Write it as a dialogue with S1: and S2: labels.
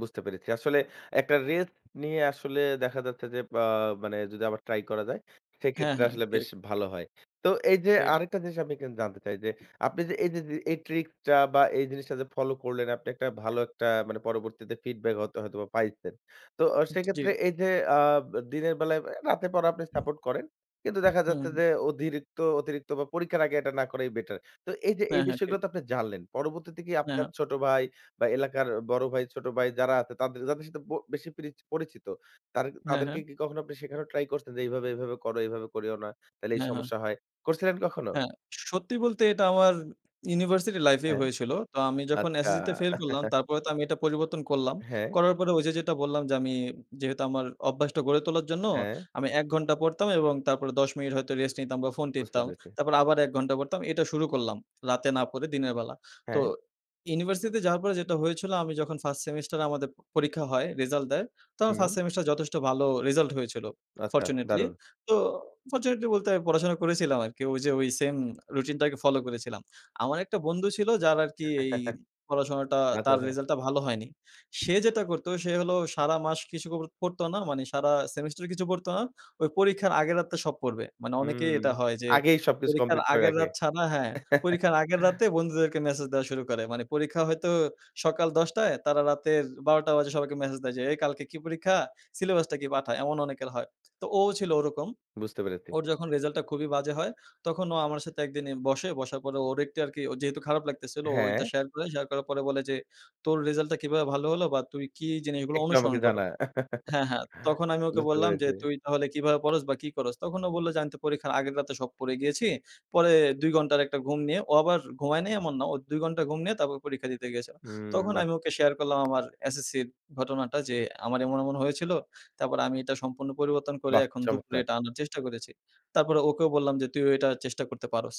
S1: বুঝতে পেরেছি। আসলে একটা রেস্ট নিয়ে আসলে দেখা যাচ্ছে যে, আ মানে যদি আবার ট্রাই করা যায়?
S2: হ্যাঁ,
S1: সেক্ষেত্রে,
S2: হ্যাঁ,
S1: আসলে বেশ
S2: ঠিক।
S1: ভালো হয়। তো এই যে,
S2: ঠিক।
S1: আরেকটা জিনিস আমি এখানে জানতে চাই যে, আপনি যে, এইযে, যে, এই ট্রিক টা বা এই জিনিসটা যে, ফলো করলেন আপনি একটা ভালো একটা মানে, পরবর্তীতে ফিডব্যাক হয়তো হয়তোবা পাইছেন। তো ও
S2: উ জ্বী।
S1: সেক্ষেত্রে এই যে, আ দিনের বেলায়; রাতের পড়া আপনি সাপোর্ট করেন। কিন্তু দেখা যাচ্ছে
S2: হুম।
S1: যে, অধিরিক্ত অতিরিক্ত বা পরীক্ষার আগে এটা না করাই বেটার। তো এই যে, এই
S2: হ্যাঁ, হ্যাঁ,
S1: বিষয়গুলো
S2: ঠিক।
S1: তো আপনি জানলেন। পরবর্তীতে কি
S2: হ্যাঁ,
S1: আপনার
S2: হ্যাঁ।
S1: ছোট ভাই বা এলাকার বড় ভাই, ছোট ভাই যারা আছে তাদের যাদের সাথে ব বেশি পিরিচ পরিচিত, তারে
S2: হ্যাঁ,
S1: তাদেরকে
S2: হ্যাঁ।
S1: কি কখনো আপনি শেখানো ট্রাই করছেন যে, "এইভাবে, এভাবে করো। এভাবে করিও না, তাইলে এই
S2: হ্যাঁ, হ্যাঁ।
S1: সমস্যা হয়।" করছিলেন কখনো?
S2: হ্যাঁ, সত্যি বলতে এটা আমার ইউনিভার্সিটি লাইফ এই
S1: হ্যাঁ।
S2: হয়েছিল। তো আমি যখন
S1: আচ্ছা।
S2: এসএসসিতে ফেইল করলাম, তারপরে তো আমি এটা পরিবর্তন করলাম।
S1: হ্যাঁ।
S2: করার পরে ওই যে, যেটা বললাম যে, আমি যেহেতু আমার অভ্যাসটা গড়ে তোলার জন্য
S1: হ্যাঁ।
S2: আমি ১ ঘণ্টা পড়তাম এবং তারপরে ১০ মিনিট হয়তো রেস্ট নিতাম বা ফোন
S1: বুঝতে
S2: টিপতাম।
S1: পেরেছি।
S2: তারপর আবার ১ ঘণ্টা পড়তাম। এটা শুরু করলাম। রাতে না পড়ে দিনের বেলা। তো
S1: হ্যাঁ।
S2: ইউনিভার্সিটিতে যাওয়ার পরে যেটা হয়েছিল, আমি যখন First সেমিস্টারে আমাদের পরীক্ষা হয়, রেজাল্ট দেয়। তো আমার
S1: হুম।
S2: 1First সেমেস্টার যথেষ্ট ভালো রেজাল্ট হয়েছিল,
S1: আচ্ছা,
S2: ফরচুনেটলি।
S1: দারুন!
S2: তো ফরচুনেটলি বলতে, পড়াশোনা করেছিলাম আরকি। ওই যে, ওই সেম রুটিনটাকে ফলো করেছিলাম। আমার একটা বন্ধু ছিল যার আরকি এই পড়াশোনাটা,
S1: আচ্ছা,
S2: তার
S1: আচ্ছা।
S2: রেজাল্ট টা ভালো হয়নি। সে যেটা করত সে হলো সারা মাস কিছু ক পড়তো না, মানে সারা সেমেস্টার কিছু পড়তো না। ওই পরীক্ষার আগের রাত্রে সব পড়বে। মানে অনেকেই
S1: হুম।
S2: এটা হয় যে,
S1: আগেই সবকিছু
S2: পরীক্ষার
S1: কমপ্লিট করে
S2: আগের
S1: রাখে।
S2: রাত ছাড়া হ্যাঁ, পরীক্ষার আগের রাতে বন্ধুদেরকে মেসেজ দেওয়া শুরু করে। মানে পরীক্ষা হয়তো সকাল ১০ঃ০০, তারা রাতের ১২ঃ০০ বাজে সবাইকে মেসেজ দেয় যে, "এই কালকে কি পরীক্ষা? সিলেবাসটা কি? পাঠা।" এমন অনেকের হয়। তো ও ছিল ওরকম।
S1: বুঝতে পেরেছি।
S2: ওর যখন রেজাল্ট টা খুবই বাজে হয়, তখন ও আমার সাথে এক দিন এ বসে। বসার পর ওর একটি আরকি যেহেতু খারাপ লাগতেছিল, ও
S1: হ্যাঁ।
S2: ওইটা শেয়ার করে শেয়ার করার পরে বলে যে, "তোর রেজাল্ট টা কিভাবে ভালো হলো বা তুই কি জিনিসগুলো
S1: "একটু
S2: অনুসরণ
S1: আমাকে
S2: করো?"
S1: জানা।"
S2: হ্যাঁ, হ্যাঁ। তখন আমি ওকে
S1: বুঝতে
S2: বললাম যে,
S1: পেরেছি।
S2: "তুই তাহলে কিভাবে পড়স বা কি করস?" তখন ও বললো যে, "আমি তো পরীক্ষার আগের রাতে সব পড়ে গিয়েছি। পরে ২ ঘন্টার একটা ঘুম নিয়ে;" ও আবার ঘুমায় নাই, এমন না। ও ২ ঘন্টা ঘুম নিয়ে, তারপর পরীক্ষা দিতে গিয়েছিল।
S1: হুম,
S2: তখন
S1: বাহ্!
S2: আমি ওকে শেয়ার করলাম আমার এসএসসি'র ঘটনাটা যে, "আমার এমন, এমন হয়েছিল। তারপর আমি এটা সম্পূর্ণ পরিবর্তন করে,
S1: বাহ!
S2: এখন দুপুরে
S1: চমৎকার!
S2: এটা আনার চেষ্টা করেছি।" তারপর ওকেও বললাম যে, "তুইও এটা চেষ্টা করতে পারোস।"